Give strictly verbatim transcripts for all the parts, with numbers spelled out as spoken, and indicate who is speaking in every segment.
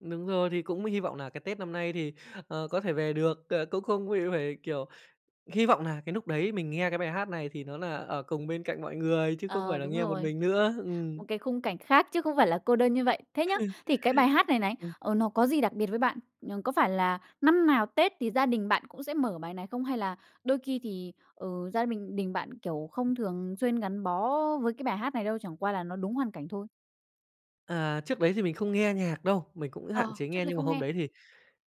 Speaker 1: Đúng rồi. Thì cũng hy vọng nà cái Tết năm nay thì, ờ, có thể về được. Ờ, cũng không bị phải, kiểu, hy vọng nà cái núc đấy mình nghe cái bài hát này thì nó nà ở cùng bên cạnh mọi người, chứ không
Speaker 2: Ờ,
Speaker 1: phải là
Speaker 2: đúng
Speaker 1: nghe một
Speaker 2: rồi.
Speaker 1: mình nữa. Ừm.
Speaker 2: Một cái khung cảnh khác chứ không phải là cô đơn như vậy. Thế nhá, thì cái bài hát này này,
Speaker 1: Ừm.
Speaker 2: ờ, nó có gì đặc biệt với bạn? Ừm, có phải là năm nào Tết thì gia đình bạn cũng sẽ mở bài này không? Hay là đôi khi thì, ờ, gia bình đình bạn, kiểu, không thường xuyên gắn bó với cái bài hát này đâu, chẳng qua là nó đúng hoàn cảnh thôi?
Speaker 1: À, trước đấy thì mình không nghe nhạc đâu, mình cũng hạn
Speaker 2: Ờ,
Speaker 1: chế
Speaker 2: trước
Speaker 1: nghe.
Speaker 2: đây
Speaker 1: Nhưng mà
Speaker 2: không
Speaker 1: hôm
Speaker 2: nghe.
Speaker 1: đấy thì,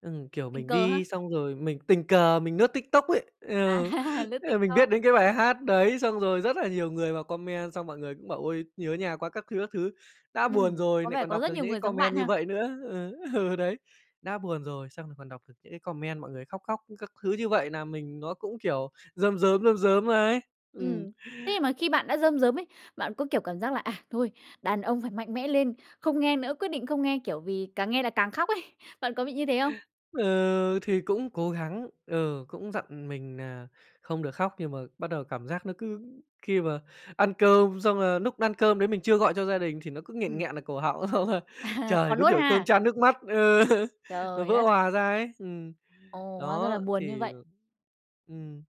Speaker 1: ừm, kiểu,
Speaker 2: Tình
Speaker 1: mình
Speaker 2: cờ ha.
Speaker 1: đi xong rồi mình tình cờ mình nướt TikTok ấy. Ừ,
Speaker 2: À, lướt
Speaker 1: ờ, mình biết
Speaker 2: TikTok.
Speaker 1: đến cái bài hát đấy, xong rồi rất là nhiều người vào comment, xong mọi người cũng bảo: "Ôi, nhớ nhà quá các thứ, các thứ". Đã buồn
Speaker 2: Ừm,
Speaker 1: rồi
Speaker 2: có
Speaker 1: nại
Speaker 2: vẻ
Speaker 1: còn
Speaker 2: có
Speaker 1: đọc
Speaker 2: rất
Speaker 1: được
Speaker 2: nhiều
Speaker 1: những cái
Speaker 2: người giống
Speaker 1: comment
Speaker 2: bạn
Speaker 1: như
Speaker 2: ha.
Speaker 1: vậy nữa. Ừ, ừ, đấy. Đã buồn rồi xong rồi còn đọc được những cái comment mọi người khóc, khóc các thứ như vậy, nàm mình nó cũng, kiểu, rơm rớm, rơm rớm ấy. Ừm.
Speaker 2: Ừm. Thế nhưng mà khi bạn đã rơm rớm ấy, bạn có, kiểu, cảm giác là: "À thôi, đàn ông phải mạnh mẽ lên, không nghe nữa, quyết định không nghe, kiểu, vì càng nghe là càng khóc ấy." Bạn có bị như thế không?
Speaker 1: Ừ, thì cũng cố gắng. Ừ, cũng dặn mình nà không được khóc. Nhưng mà bắt đầu cảm giác nó cứ khi mà ăn cơm xong, là núc ăn cơm đấy mình chưa gọi cho gia đình, thì nó cứ nghẹn
Speaker 2: Ừm.
Speaker 1: nghẹn ở cổ họng,
Speaker 2: À,
Speaker 1: trời,
Speaker 2: còn
Speaker 1: đúng
Speaker 2: nuốt
Speaker 1: kiểu cơm
Speaker 2: ha.
Speaker 1: chan nước mắt. Ờ, nó
Speaker 2: Trời
Speaker 1: vỡ
Speaker 2: đất.
Speaker 1: òa ra ấy. Ừm,
Speaker 2: Ồ, hóa ra là
Speaker 1: đó,
Speaker 2: buồn như
Speaker 1: thì
Speaker 2: vậy.
Speaker 1: ừm.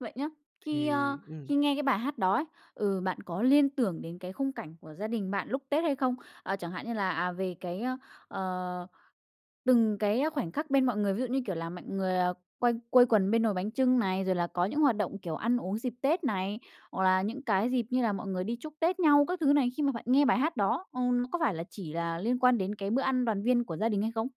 Speaker 2: Vậy nhá, khi,
Speaker 1: Thì
Speaker 2: ơ,
Speaker 1: ừm.
Speaker 2: khi nghe cái bài hát đó ấy, ừ, bạn có liên tưởng đến cái khung cảnh của gia đình bạn lúc Tết hay không? Ờ, chẳng hạn như là, à, về cái, ơ, ờ, từng cái khoảnh khắc bên mọi người. Ví dụ như, kiểu, là mạnh người, ờ, quây quây quần bên nồi bánh chưng này, rồi là có những hoạt động, kiểu, ăn uống dịp Tết này, hoặc là những cái dịp như là mọi người đi chúc Tết nhau các thứ này. Khi mà bạn nghe bài hát đó, ừm, nó có phải là chỉ là liên quan đến cái bữa ăn đoàn viên của gia đình hay không?